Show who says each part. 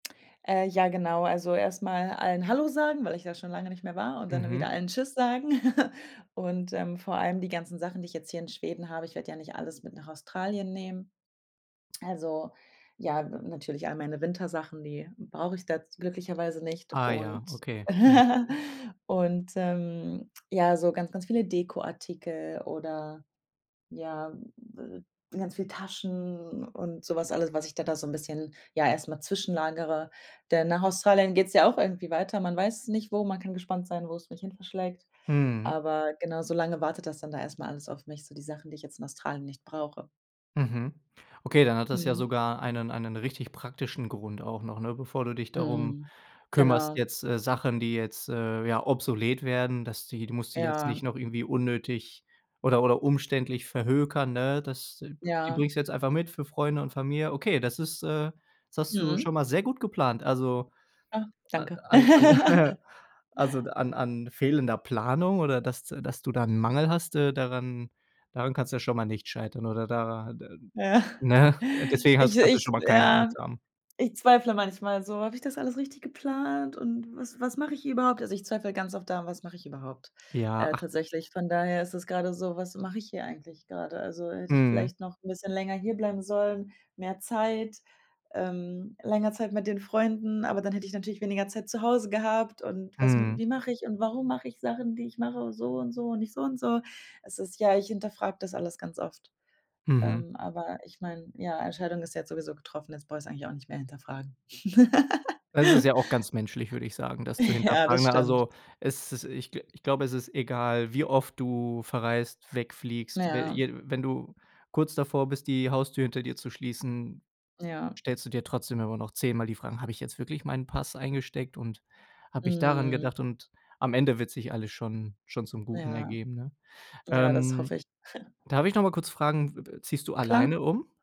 Speaker 1: Äh, ja, genau. Also, erst mal allen Hallo sagen, weil ich da schon lange nicht mehr war und dann wieder
Speaker 2: Mhm.
Speaker 1: allen Tschüss sagen. Und, ähm, vor allem die ganzen Sachen, die ich jetzt hier in Schweden habe ich werd ja nicht alles mit nach Australien nehmen. Also, ja, n natürlich all meine Wintersachen, die brauch ich da z glücklicherweise nicht.
Speaker 2: Ah ja,
Speaker 1: Und
Speaker 2: okay. Mhm.
Speaker 1: und, ähm, ja, so ganz, ganz viele Dekoartikel oder ja, ganz viel Taschen und so was alles, was ich da da so 'n bisschen ja, erst mal zwischenlagere. Denn nach Australien geht's ja auch irgendwie weiter. Man weiß es nicht, wo. Man kann gespannt sein, wo's mich hinverschlägt.
Speaker 2: Mhm.
Speaker 1: Aber genau, so lange wartet das dann da erst mal alles auf mich so die Sachen, die ich jetzt in Australien nicht brauche.
Speaker 2: Mhm. Okay, dann hat das ja
Speaker 1: Mhm.
Speaker 2: sogar einen einen richtig praktischen Grund auch noch, ne, bevor du dich darum
Speaker 1: Mhm.
Speaker 2: kümmerst
Speaker 1: Genau.
Speaker 2: jetzt, äh, Sachen, die jetzt, äh, ja obsolet werden, dass die du musst dich jetzt nicht
Speaker 1: Ja.
Speaker 2: noch irgendwie unnötig oder oder umständlich verhökern, ne? Das die
Speaker 1: Ja.
Speaker 2: bringst du jetzt einfach mit für Freunde und Familie. Okay, das ist, äh das hast du
Speaker 1: Mhm.
Speaker 2: schon mal sehr gut geplant. Also
Speaker 1: Ah,
Speaker 2: a
Speaker 1: danke.
Speaker 2: an an Also, d an an fehlender Planung oder, dass d dass du da 'n Mangel hast, äh, daran daran kann's schon mal nicht scheitern oder da da
Speaker 1: Ja.
Speaker 2: ne? Deswegen
Speaker 1: Ich,
Speaker 2: hast kannst du
Speaker 1: ich
Speaker 2: schon mal keine
Speaker 1: ja.
Speaker 2: Angst haben.
Speaker 1: Ich zweifle manchmal so: „Habe ich das alles richtig geplant, und was was mache ich hier überhaupt?“ Also, ich zweifle ganz oft daran: „Was mache ich überhaupt?”
Speaker 2: Ja,
Speaker 1: Äh,
Speaker 2: ach
Speaker 1: tatsächlich. Von daher ist es gerade so: „Was mache ich hier eigentlich gerade?” Also, hätte ich
Speaker 2: Mhm.
Speaker 1: vielleicht noch 'n bisschen länger hierbleiben sollen, mehr Zeit ähm, länger Zeit mit den Freunden, aber dann hätte ich natürlich weniger Zeit zu Hause gehabt. Und was
Speaker 2: Mhm.
Speaker 1: wie mache ich und warum mache ich Sachen, die ich mache so und so und nicht so und so? Es ist ja, ich hinterfrag das alles ganz oft.
Speaker 2: Mhm.
Speaker 1: Ähm, aber ich mein, ja, Entscheidung ist ja jetzt sowieso getroffen, jetzt brauche ich es eigentlich auch nicht mehr hinterfragen.
Speaker 2: Es ist ja auch ganz menschlich, würde ich sagen, das zu
Speaker 1: Ja, das
Speaker 2: hinterfragen. Ne,
Speaker 1: stimmt.
Speaker 2: also, es ist ich gl ich glaube, ist egal, wie oft du verreist, wegfliegst. Wenn
Speaker 1: Ja.
Speaker 2: ir wenn du kurz davor bist, die Haustür hinter dir zu schließen,
Speaker 1: Ja.
Speaker 2: stellst du dir trotzdem immer noch 10 Mal die Fragen: „Habe ich jetzt wirklich meinen Pass eingesteckt, und habe ich daran
Speaker 1: Mhm.
Speaker 2: gedacht?“ Und am Ende wird sich alles schon schon zum Guten
Speaker 1: Ja.
Speaker 2: ergeben, ne?
Speaker 1: Ja, das hoffe
Speaker 2: Ähm,
Speaker 1: ich.
Speaker 2: darf ich noch mal kurz fragen, w w ziehst du
Speaker 1: Klar.
Speaker 2: alleine um?